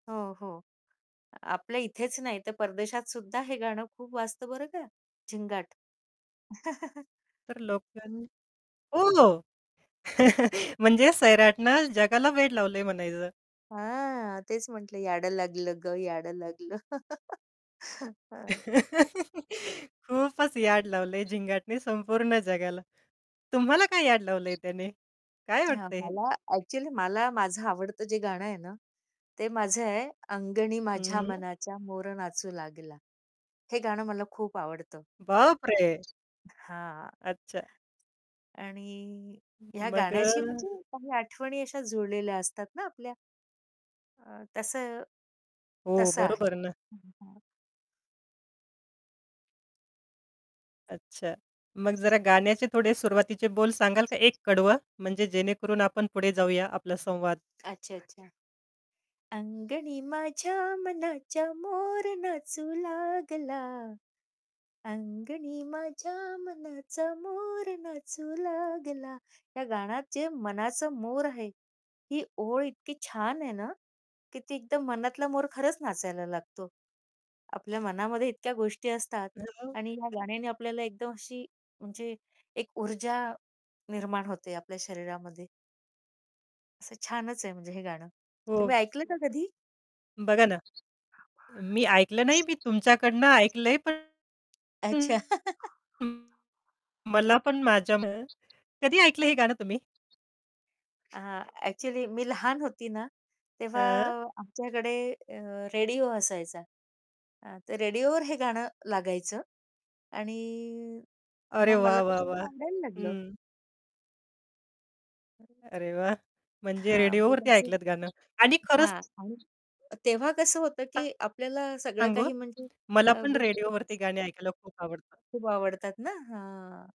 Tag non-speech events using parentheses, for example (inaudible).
हो, हो. आपल्या इथेच नाही तर परदेशात सुद्धा हे गाणं खूप वाजतं बरं का झिंगाट. (chuckles) तर लोकांनी ओह! (chuckles) म्हणजे सैराटनं जगाला वेड लावलंय म्हणायचं! हां, तेच म्हटलं, याड लागलं गं, याडं लागलं. (chuckles) हां. (chuckles) खूपच याड लावलंय झिंगाटने संपूर्ण जगाला. तुम्हाला काय याड लावलंय त्याने? काय हां. वाटतं आहे? मला ॲक्चुअली मला माझं आवडतं जे गाणं आहे ना, ते माझं आहे, अंगणी हं, माझ्या हं. मनाच्या मोर नाचू लागला. हे गाणं मला खूप आवडतं. बाप रे! हां. अच्छा. आणि ह्या मग अ, गाण्याशी म्हणजे काही आठवणी अशा जुळलेल्या असतात ना आपल्या? अ, तसं हो, तसं आहे. बरोबर ना. हं, हं, हां. अच्छा. मग जरा गाण्याचे थोडे सुरुवातीचे बोल सांगाल का? एक कडवं म्हणजे जेणेकरून, आपण पुढे जाऊया आपला संवाद. अच्छा, अच्छा. अंगणी माझ्या मनाच्या मोर नाचू लागला, अंगणी माझ्या मनाचा मोर नाचू लागला. या गाण्यात जे मनाचं मोर आहे. ही ओळ इतकी छान आहे ना, की ती एकदम मनातला मोर खरंच नाचायला लागतो. आपल्या मनामध्ये इतक्या गोष्टी असतात हां, हां. आणि या गाण्याने आपल्याला एकदम अशी म्हणजे एक ऊर्जा निर्माण होते आपल्या शरीरामध्ये. असं छानच आहे म्हणजे हे गाणं. हो. तुम्ही ऐकलं का कधी? बघा ना. मी ऐकलं नाही मी तुमच्याकडनं ऐकलंय पण अच्छा. (unintelligible) (chuckles) मला पण माझ्यान कधी ऐकलं हे गाणं तुम्ही? आ, ॲक्चुअली मी लहान होती ना, तेव्हा हां. आमच्याकडे अ, रेडिओ असायचा. अ, ते रेडिओवर हे गाणं लागायचं आणि अरे मग मला वाह, ते वाह, वाह! गाणं आवडायला लागलं. हं. (unintelligible) अरे वाह! म्हणजे हां. रेडिओवरती आधीपासून ऐकलत गाणं? आणि खरंच हां. आणि तेव्हा कसं होतं की (unintelligible) आपल्याला सगळं सांगू? काही म्हणजे मला अ पण (unintelligible) रेडिओवरती गाणी ऐकायला खूप आवडतं. खूप आवडतात ना हां.